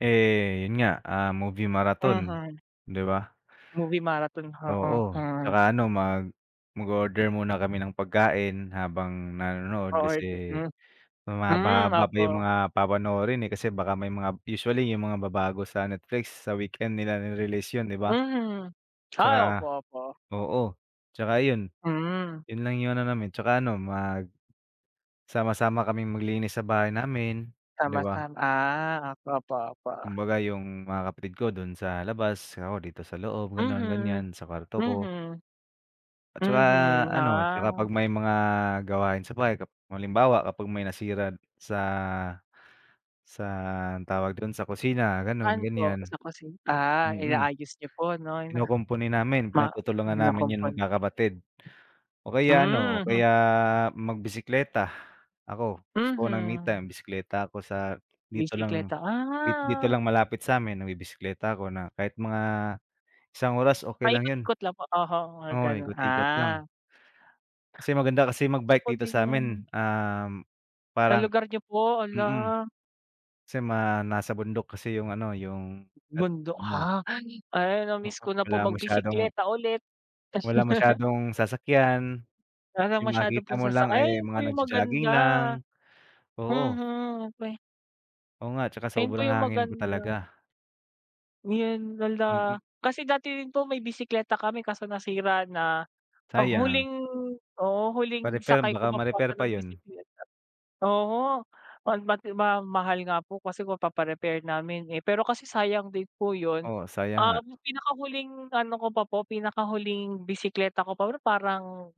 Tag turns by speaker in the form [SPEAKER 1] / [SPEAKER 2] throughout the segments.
[SPEAKER 1] Eh, 'yon nga, ah, movie marathon,
[SPEAKER 2] Mhm.
[SPEAKER 1] 'di ba?
[SPEAKER 2] Movie marathon, oo?
[SPEAKER 1] Oo,
[SPEAKER 2] Hmm.
[SPEAKER 1] tsaka ano, mag mag-o-order muna kami ng pagkain habang nanonood
[SPEAKER 2] O-order
[SPEAKER 1] kasi
[SPEAKER 2] hmm. Hmm,
[SPEAKER 1] mahaba-haba pa yung
[SPEAKER 2] opo.
[SPEAKER 1] mga papanoorin, eh, kasi baka may mga usually yung mga ba bago sa Netflix, sa weekend nila re-release 'yon, 'di ba?
[SPEAKER 2] Mhm. Ay, opo,
[SPEAKER 1] Tsaka
[SPEAKER 2] opo.
[SPEAKER 1] oo, tsaka 'yon.
[SPEAKER 2] Hmm.
[SPEAKER 1] 'Yon lang yung ano namin. Tsaka ano, magsama-sama kaming maglinis sa bahay namin, 'di
[SPEAKER 2] Sama-sam
[SPEAKER 1] ba?
[SPEAKER 2] ah, ok opo, opo.
[SPEAKER 1] Kumbaga yung mga kapatid ko do'n sa labas, ako dito sa loob, gano'n,
[SPEAKER 2] Mhm.
[SPEAKER 1] ganyan, sa kwarto ko.
[SPEAKER 2] Mhm.
[SPEAKER 1] At saka
[SPEAKER 2] Mhm,
[SPEAKER 1] ano, tsaka 'pag
[SPEAKER 2] ah.
[SPEAKER 1] may mga gawain sa bahay kap kapag halimbawa, kapag may nasira sa sa anong tawag do'n? Sa kusina, gano'n,
[SPEAKER 2] Saan po?
[SPEAKER 1] ganyan.
[SPEAKER 2] Sa kusin ah,
[SPEAKER 1] Mm.
[SPEAKER 2] inaayos niyo po 'no na
[SPEAKER 1] Kinukumpuni namin,
[SPEAKER 2] ma
[SPEAKER 1] pinagtutulungan namin 'yon
[SPEAKER 2] kinukumpuni.
[SPEAKER 1] magkakapatid. O kaya ano, o
[SPEAKER 2] Mhm.
[SPEAKER 1] kaya magbisikleta. Ako, gusto ko ng me
[SPEAKER 2] Mhm.
[SPEAKER 1] time, bisekleta ako sa dito lang,
[SPEAKER 2] Bisikleta,
[SPEAKER 1] di dito
[SPEAKER 2] ah.
[SPEAKER 1] lang malapit sa'min, nagbibisekleta ako na kahit mga isang oras, okey lang 'yon.
[SPEAKER 2] Paikot-ikot lang po? Oho, mga
[SPEAKER 1] Oo,
[SPEAKER 2] gano'n.
[SPEAKER 1] ikot-ikot lang.
[SPEAKER 2] Ah.
[SPEAKER 1] Kasi maganda kasi
[SPEAKER 2] Gusto
[SPEAKER 1] mag-bike
[SPEAKER 2] ko
[SPEAKER 1] dito
[SPEAKER 2] din yun.
[SPEAKER 1] sa'min, um,
[SPEAKER 2] Sa
[SPEAKER 1] parang
[SPEAKER 2] lugar niyo po?
[SPEAKER 1] mm.
[SPEAKER 2] Hala!
[SPEAKER 1] Kasi mga nasa bundok kasi yung ano, yung [unintelligible]
[SPEAKER 2] Bundok?
[SPEAKER 1] mo.
[SPEAKER 2] Ha! Hala!
[SPEAKER 1] Mm,
[SPEAKER 2] Na-miss ko na
[SPEAKER 1] wala
[SPEAKER 2] po
[SPEAKER 1] masyadong
[SPEAKER 2] magbisekleta ulit.
[SPEAKER 1] Wala masyadong sasakyan.
[SPEAKER 2] Wala ng
[SPEAKER 1] Yung
[SPEAKER 2] masyado
[SPEAKER 1] makikita
[SPEAKER 2] pong
[SPEAKER 1] mo
[SPEAKER 2] sasak
[SPEAKER 1] lang
[SPEAKER 2] ay,
[SPEAKER 1] ay
[SPEAKER 2] 'yan
[SPEAKER 1] mga
[SPEAKER 2] po yung
[SPEAKER 1] nagjo-jogging
[SPEAKER 2] maganda.
[SPEAKER 1] lang. Oo.
[SPEAKER 2] Mhm, okey.
[SPEAKER 1] Oo nga, tsaka
[SPEAKER 2] Ayun po
[SPEAKER 1] sobrang
[SPEAKER 2] yung
[SPEAKER 1] hangin po
[SPEAKER 2] maganda.
[SPEAKER 1] talaga.
[SPEAKER 2] Ngayon, hala.
[SPEAKER 1] Mm.
[SPEAKER 2] Kasi dati din po may bisekleta kami kaso nasira na. Oh,
[SPEAKER 1] Sayang.
[SPEAKER 2] huling oo, huling
[SPEAKER 1] Pa-repair,
[SPEAKER 2] sakay ko
[SPEAKER 1] baka
[SPEAKER 2] pa po
[SPEAKER 1] ma-repair
[SPEAKER 2] ata
[SPEAKER 1] pa
[SPEAKER 2] ng
[SPEAKER 1] 'yon.
[SPEAKER 2] bisekleta oho, oh mati ma mahal nga po kasi kung papa-repair namin, eh. Pero kasi sayang din po 'yon.
[SPEAKER 1] Oo, sayang nga.
[SPEAKER 2] Um, pinakahuling ano ko pa po, pinakahuling bisekleta ko pa parang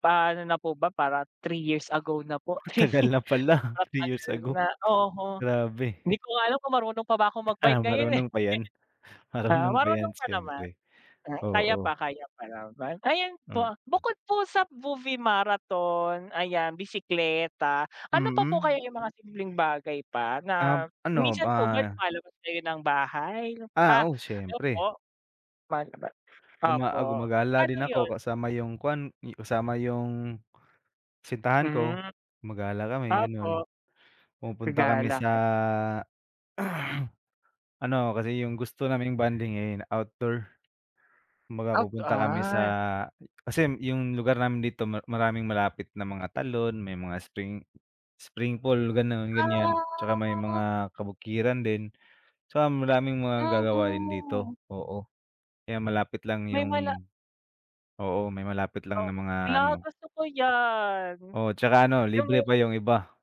[SPEAKER 2] pa ano na po ba, parang 3 years ago na po. 3
[SPEAKER 1] Tagal
[SPEAKER 2] year,
[SPEAKER 1] na pala,
[SPEAKER 2] sobrang
[SPEAKER 1] 3 years
[SPEAKER 2] tagal
[SPEAKER 1] ago.
[SPEAKER 2] na. Oho.
[SPEAKER 1] Grabe.
[SPEAKER 2] Hindi ko nga alam kung marunong pa ba akong
[SPEAKER 1] Ah,
[SPEAKER 2] mag-bike ngayon eh.
[SPEAKER 1] marunong pa 'yan.
[SPEAKER 2] Ah,
[SPEAKER 1] Marunong pa
[SPEAKER 2] marunong
[SPEAKER 1] 'yan,
[SPEAKER 2] pa naman.
[SPEAKER 1] siyempre.
[SPEAKER 2] 'Yan. Kaya
[SPEAKER 1] Oo.
[SPEAKER 2] pa, kaya pa naman. Ayan po,
[SPEAKER 1] Hmm.
[SPEAKER 2] bukod po sa movie marathon, ayan bisikleta, ano pa po
[SPEAKER 1] Mm.
[SPEAKER 2] kaya yung mga simpleng bagay pa
[SPEAKER 1] Um,
[SPEAKER 2] na
[SPEAKER 1] ano,
[SPEAKER 2] minsan po ba
[SPEAKER 1] ah
[SPEAKER 2] lumalabas kayo ng bahay? Ha!
[SPEAKER 1] Ah, oo,
[SPEAKER 2] Ano po?
[SPEAKER 1] siyempre.
[SPEAKER 2] Lumalabas.
[SPEAKER 1] Luma ah,
[SPEAKER 2] Opo.
[SPEAKER 1] gumagala
[SPEAKER 2] Paano
[SPEAKER 1] din ako
[SPEAKER 2] 'yon?
[SPEAKER 1] kasama yung kuan, kasama yung, kasintahan ko.
[SPEAKER 2] Hmm.
[SPEAKER 1] Gumagala kami, gano'n.
[SPEAKER 2] Tapo
[SPEAKER 1] Pumupunta kami
[SPEAKER 2] Gagala
[SPEAKER 1] sa,
[SPEAKER 2] kay
[SPEAKER 1] ano, kasi yung gusto naming bonding, eh, outdoor. Kumbaga
[SPEAKER 2] Out
[SPEAKER 1] pupunta kami sa
[SPEAKER 2] ah.
[SPEAKER 1] kasi yung lugar namin dito ma maraming malapit na mga talon, may mga spring spring pool, gano'n, ganyan. Tsaka may
[SPEAKER 2] Ah.
[SPEAKER 1] mga kabukiran din. Tsaka maraming mga magagawa din
[SPEAKER 2] Yahu.
[SPEAKER 1] dito, oo. Kaya malapit lang
[SPEAKER 2] May mala
[SPEAKER 1] yung oo, may malapit lang
[SPEAKER 2] Oh,
[SPEAKER 1] na mga
[SPEAKER 2] hala
[SPEAKER 1] ano
[SPEAKER 2] gusto ko 'yan.
[SPEAKER 1] Oo, tsaka ano,
[SPEAKER 2] Yung
[SPEAKER 1] libre
[SPEAKER 2] may
[SPEAKER 1] pa yung iba.